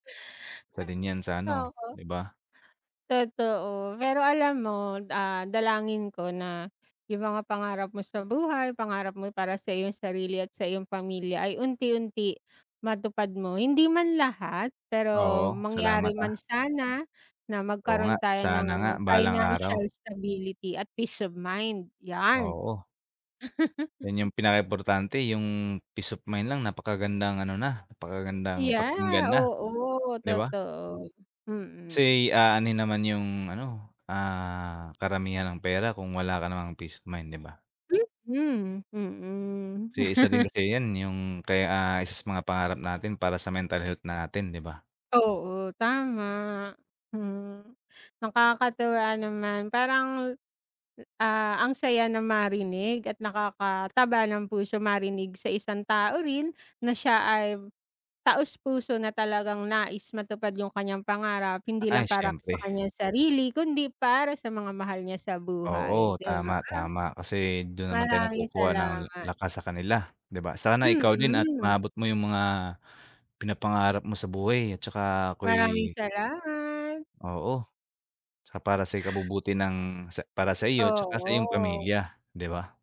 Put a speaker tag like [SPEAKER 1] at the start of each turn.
[SPEAKER 1] Isa din 'yan sa ano,
[SPEAKER 2] Oo.
[SPEAKER 1] 'di ba?
[SPEAKER 2] Totoo, pero alam mo d ah, dalangin ko na 'yong mga pangarap mo sa buhay pangarap mo para sa iyong sarili at sa iyong pamilya ay unti-unti matupad mo. Hindi man lahat, pero
[SPEAKER 1] Oo, salamat,
[SPEAKER 2] mangyari man
[SPEAKER 1] ah.
[SPEAKER 2] sana na
[SPEAKER 1] Oo
[SPEAKER 2] magkaroon
[SPEAKER 1] nga,
[SPEAKER 2] tayo
[SPEAKER 1] sana nga
[SPEAKER 2] ng
[SPEAKER 1] balang
[SPEAKER 2] financial
[SPEAKER 1] araw.
[SPEAKER 2] stability at peace of mind, 'yan.
[SPEAKER 1] Oo. 'Yon 'yong pinaka importante 'yong peace of mind lang napakagandang ano na, napakagandang pakinggan
[SPEAKER 2] Yeah,
[SPEAKER 1] na,
[SPEAKER 2] oo,
[SPEAKER 1] 'di ba?
[SPEAKER 2] totoo. Mm.
[SPEAKER 1] Kasi aanuhin naman 'yong ano, ah, karamihan ng pera kung wala ka namang peace of mind, 'di ba?
[SPEAKER 2] Mhm. Mm.
[SPEAKER 1] Kasi isa din kasi 'yan, 'yong kaya isa sa mga pangarap natin para sa mental health na natin, 'di ba?
[SPEAKER 2] Oo, tama. Hmm. Nakakatuwa naman, parang, ah, ang saya na marinig at nakakataba ng puso marinig sa isang tao rin na siya ay taos-puso na talagang nais matupad 'yong kaniyang pangarap, hindi
[SPEAKER 1] Ay,
[SPEAKER 2] lang para ka sa
[SPEAKER 1] siyempre.
[SPEAKER 2] kaniyang sarili kundi para sa mga mahal niya sa
[SPEAKER 1] Oo,
[SPEAKER 2] buhay, 'di ba?
[SPEAKER 1] tama, tama, kasi do'n naman tayo
[SPEAKER 2] Maraming
[SPEAKER 1] nagkukuha ng la
[SPEAKER 2] salamat.
[SPEAKER 1] lakas sa kanila, 'di ba? Sana ikaw din at
[SPEAKER 2] Mm.
[SPEAKER 1] maabot mo 'yong mga pinapangarap mo sa buhay, at saka
[SPEAKER 2] Maraming
[SPEAKER 1] ako'y
[SPEAKER 2] salamat.
[SPEAKER 1] Oo, 'tsaka para sa ikabubuti ng sa para sa iyo, at saka sa
[SPEAKER 2] Oo.
[SPEAKER 1] iyong pamilya, 'di ba?